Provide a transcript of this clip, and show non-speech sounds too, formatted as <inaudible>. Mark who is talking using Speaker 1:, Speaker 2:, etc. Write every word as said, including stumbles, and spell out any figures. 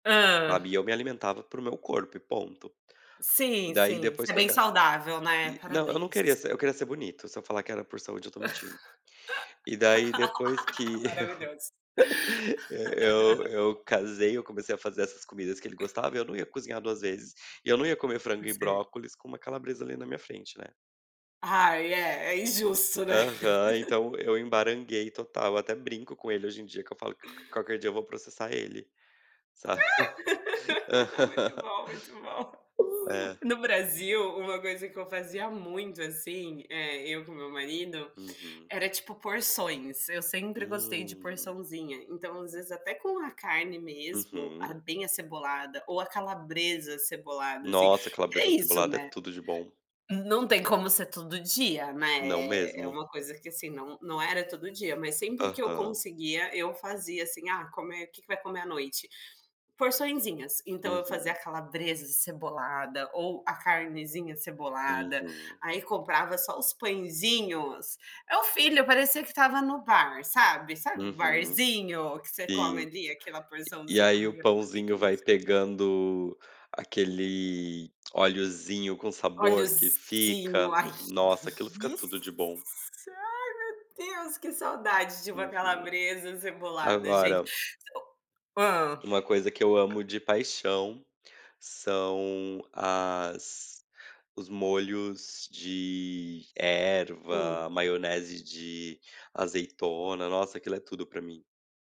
Speaker 1: Hã?
Speaker 2: Sabe, e eu me alimentava para o meu corpo e ponto.
Speaker 1: Sim,
Speaker 2: Daí,
Speaker 1: sim.
Speaker 2: depois
Speaker 1: Você é
Speaker 2: que eu
Speaker 1: bem
Speaker 2: ca
Speaker 1: saudável. né?
Speaker 2: não, eu não
Speaker 1: Parabéns!
Speaker 2: queria ser. Eu queria ser bonito. Se eu falar que era por saúde, eu estou mentindo. E daí depois
Speaker 1: <laughs>
Speaker 2: que
Speaker 1: Maravilhoso.
Speaker 2: eu, <laughs> eu
Speaker 1: <laughs>
Speaker 2: eu casei, eu comecei a fazer essas comidas que ele
Speaker 1: <chuckles>
Speaker 2: gostava e eu não ia cozinhar duas vezes. E eu não ia comer frango
Speaker 1: Por
Speaker 2: e
Speaker 1: ser
Speaker 2: brócolis com uma calabresa ali na minha frente, né?
Speaker 1: Ai é, é injusto, né?
Speaker 2: Aham, então, eu "embaranguei" total, até brinco com ele, hoje em dia, que eu falo: "Q qualquer dia eu vou processar ele", sabe.
Speaker 1: <laughs> Muito
Speaker 2: <laughs>
Speaker 1: bom, muito bom.
Speaker 2: É.
Speaker 1: No Brasil, uma coisa que eu fazia muito assim, eh, eu com meu marido,
Speaker 2: Uhum.
Speaker 1: era tipo porções, eu sempre gostei de
Speaker 2: Hum.
Speaker 1: porçãozinha, então, às vezes, até com a carne mesmo, ah,
Speaker 2: Uhum.
Speaker 1: bem acebolada ou a calabresa acebolada, assim,
Speaker 2: Nossa,
Speaker 1: que é
Speaker 2: calabresa
Speaker 1: isso,
Speaker 2: acebolada
Speaker 1: não
Speaker 2: é
Speaker 1: é?
Speaker 2: tudo de bom.
Speaker 1: Não tem como ser todo dia, né,
Speaker 2: Não
Speaker 1: é é
Speaker 2: mesmo!
Speaker 1: uma coisa que, assim, não não era todo dia, mas sempre que eu
Speaker 2: Aham.
Speaker 1: conseguia, eu fazia, assim: "Ah, comer o que que vai comer à noite? Porçõezinhas.", então eu fazia
Speaker 2: Uhum.
Speaker 1: a calabresa de cebolada ou a carnezinha cebolada,
Speaker 2: Uhum.
Speaker 1: aí comprava só os pãezinhos, meu filho parecia que estava no bar, sabe, sabe o
Speaker 2: Uhum.
Speaker 1: barzinho, que você come
Speaker 2: Sim.
Speaker 1: ali aquela
Speaker 2: E e
Speaker 1: porçãozinha,
Speaker 2: aí,
Speaker 1: ai,
Speaker 2: o
Speaker 1: era uma
Speaker 2: pãozinho vai
Speaker 1: delícia.
Speaker 2: pegando aquele oleozinho, com sabor que fica,
Speaker 1: Oleozinho, ai, que
Speaker 2: nossa, aquilo fica
Speaker 1: delícia.
Speaker 2: tudo de bom.
Speaker 1: Ai, meu Deus, que saudade de uma
Speaker 2: Uhum,
Speaker 1: calabresa acebolada, gente.
Speaker 2: agora
Speaker 1: <unintelligible> Hã.
Speaker 2: uma coisa que eu amo de paixão, são as os molhos de
Speaker 1: Hum.
Speaker 2: erva, maionese de azeitona, nossa, aquilo é tudo para mim.